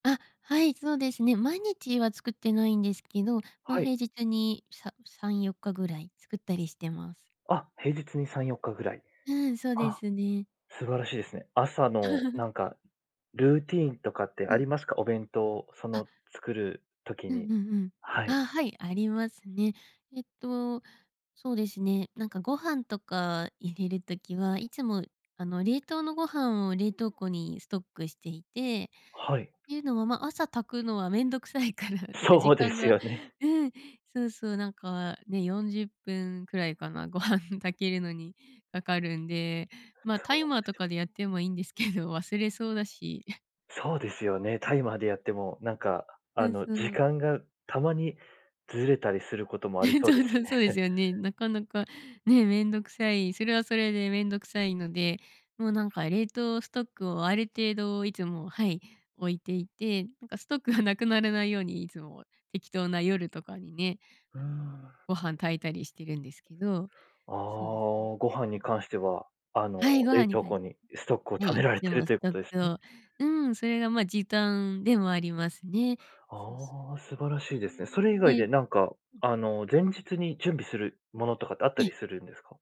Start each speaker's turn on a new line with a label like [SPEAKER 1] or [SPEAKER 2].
[SPEAKER 1] あ、はい、そうですね。毎日は作ってないんですけど、まあ、
[SPEAKER 2] は
[SPEAKER 1] 平
[SPEAKER 2] い。
[SPEAKER 1] 日にさ3、4日ぐらい作ったりしてます。
[SPEAKER 2] あ、平日に3、4日ぐらい。
[SPEAKER 1] うん、そうで
[SPEAKER 2] あ、
[SPEAKER 1] すね。
[SPEAKER 2] 素晴らしいですね。朝の なんかルーティーンとかって
[SPEAKER 1] う
[SPEAKER 2] あ
[SPEAKER 1] ん。
[SPEAKER 2] りますか？お弁当、そ
[SPEAKER 1] あ。
[SPEAKER 2] の作る時
[SPEAKER 1] うんう
[SPEAKER 2] に、
[SPEAKER 1] んうん。
[SPEAKER 2] はい。
[SPEAKER 1] ああ、はい、ありますね。えっと、そうですね、なんかご飯とか入れる時は、いつも、あの、冷凍のご飯を冷凍庫にストックしていて、
[SPEAKER 2] はい。
[SPEAKER 1] っていうのは、ま、朝炊くのはめんどくさいからってか時
[SPEAKER 2] そうで
[SPEAKER 1] 間
[SPEAKER 2] す
[SPEAKER 1] が
[SPEAKER 2] よね。
[SPEAKER 1] うん、そうそう、なんかね、40分くらいかな、ご飯炊けるのにかかるんで、まあ、タイ
[SPEAKER 2] そう
[SPEAKER 1] マー
[SPEAKER 2] で
[SPEAKER 1] と
[SPEAKER 2] すよ。
[SPEAKER 1] かでやってもいいんですけど、忘れそうだし。いや、
[SPEAKER 2] そうですよ
[SPEAKER 1] うん。
[SPEAKER 2] ね。タイマーでやってもなんか、
[SPEAKER 1] う
[SPEAKER 2] あ
[SPEAKER 1] ん、
[SPEAKER 2] の、
[SPEAKER 1] そ
[SPEAKER 2] 時
[SPEAKER 1] う。
[SPEAKER 2] 間がたまにずれたりすることもあり そ
[SPEAKER 1] そ
[SPEAKER 2] うで
[SPEAKER 1] う
[SPEAKER 2] す
[SPEAKER 1] そ
[SPEAKER 2] し
[SPEAKER 1] う、そうで
[SPEAKER 2] ね。
[SPEAKER 1] すよね。なかなか、ね、めんどくさい、それはそれでめんどくさいので、もうなんか冷凍ストックをある程度いつも、はい、置いていて、なんかストックがなくならないように、いつも適当な夜とかにね、
[SPEAKER 2] うー
[SPEAKER 1] あの、
[SPEAKER 2] ん。
[SPEAKER 1] ご飯炊いたりしてるんですけど、
[SPEAKER 2] あ
[SPEAKER 1] そうですね。
[SPEAKER 2] あ、ご飯
[SPEAKER 1] う
[SPEAKER 2] に
[SPEAKER 1] ん。
[SPEAKER 2] 関しては、あの、
[SPEAKER 1] はい、ご飯
[SPEAKER 2] 冷
[SPEAKER 1] に
[SPEAKER 2] 凍
[SPEAKER 1] はい、
[SPEAKER 2] 庫にストックを
[SPEAKER 1] は
[SPEAKER 2] 貯
[SPEAKER 1] い、
[SPEAKER 2] め
[SPEAKER 1] い
[SPEAKER 2] ら
[SPEAKER 1] つ
[SPEAKER 2] れ
[SPEAKER 1] で
[SPEAKER 2] てる
[SPEAKER 1] も
[SPEAKER 2] と
[SPEAKER 1] ス
[SPEAKER 2] いうこ
[SPEAKER 1] トッ
[SPEAKER 2] とです
[SPEAKER 1] ク
[SPEAKER 2] ね。
[SPEAKER 1] をうん、それがまあ、時短でもありますね。そうそう。
[SPEAKER 2] ああ、素晴ら
[SPEAKER 1] え、
[SPEAKER 2] しいですね。そ
[SPEAKER 1] まあ、
[SPEAKER 2] れ以外
[SPEAKER 1] ね、
[SPEAKER 2] でな
[SPEAKER 1] う
[SPEAKER 2] んか、
[SPEAKER 1] ん。
[SPEAKER 2] あの、前日に準備するものとかってあっ
[SPEAKER 1] え
[SPEAKER 2] た
[SPEAKER 1] え。
[SPEAKER 2] りするんですか？